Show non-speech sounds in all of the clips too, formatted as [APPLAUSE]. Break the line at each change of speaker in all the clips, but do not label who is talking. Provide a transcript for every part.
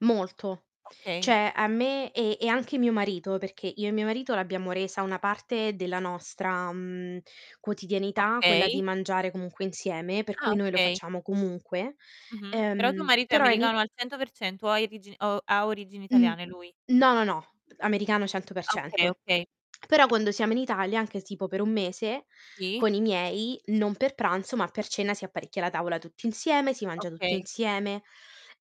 Molto.
Okay.
Cioè, a me e e anche mio marito, perché io e mio marito l'abbiamo resa una parte della nostra, mhmm, quotidianità quella di
Okay.
mangiare comunque insieme, per
Ah,
cui noi lo
okay.
facciamo comunque,
Mh-mh. Però tuo
ehm,
marito è
però ini
americano al 100%, o ha irigin o ha origini origini
Mh.
italiane lui?
No, no, no, americano cento per
Ah, okay,
cento.
okay.
Però quando siamo in Italia, anche tipo per 1 mese,
Sì.
con i miei non per pranzo ma per cena si apparecchia la tavola tutti insieme, si mangia tutti
Okay.
insieme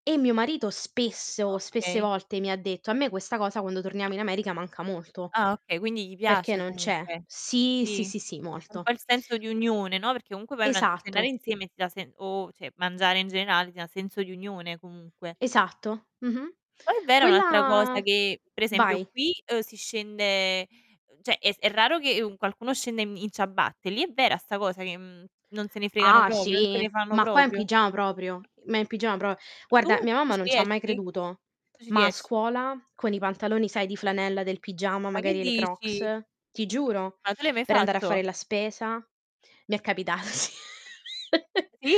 e mio marito spesso, spesse
Okay.
volte mi ha detto: "A me questa cosa quando torniamo in America manca molto,"
Ah, okay, quindi gli
perché
piace
non c'è.
comunque.
Sì, sì,
Sì,
sì, sì,
un
molto.
po' il senso di unione, no, perché comunque vai a una n cenare
Esatto.
insieme ti dà sen o cioè, mangiare in generale ti dà senso di unione comunque.
Esatto. Mh-mh,
Poi è vera un'altra
quella
cosa che, per esempio,
vai.
qui, uhm, si scende ehm, cioè, è s è raro che, u qualcuno scenda in mi in ciabatte, lì è vera sta cosa che, mhmm, non se ne fregano
Ah,
proprio, non se
sì,
ne fanno
ma qua in
proprio?
pigiama proprio, ma in pigiama pro
Tu?
guarda, mia
Tu
mamma
ci
non c'ha mai
riesci?
creduto,
Tu ci
ma a
riesci.
scuola con i pantaloni, sai, di flanella del pigiama,
Ma che
magari, e le
dici?
Crocs, ti giuro,
Ma tu l'hai mai
per andare a
fatto?
fare la spesa, mi è capitato sì. [CHUCKLES]
Sì?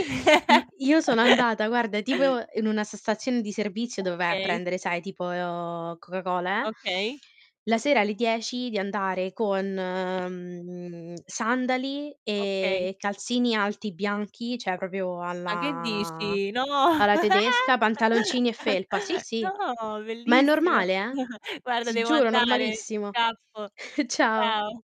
I io sono
[LAUGHS]
andata, guarda, tipo in una sta stazione di servizio dove vai a
Okay.
prendere, sai, tipo Coca-Cola, eh;
Okay.
la sera alle 10 di andare con, mhmm, sandali
Okay.
e calzini alti bianchi, cioè, proprio
Ma che
alla
dici! No!
alla
[CHUCKLES]
tedesca, pantaloncini e
Ah!
felpa, sì,
[CHUCKLES]
sì,
No!
ma è
Bellissimo.
normale, eh,
[CHUCKLES] Guarda
ti
devo
giuro
andare,
normalissimo.
scappo.
[CHUCKLES] Ciao.
Ciao.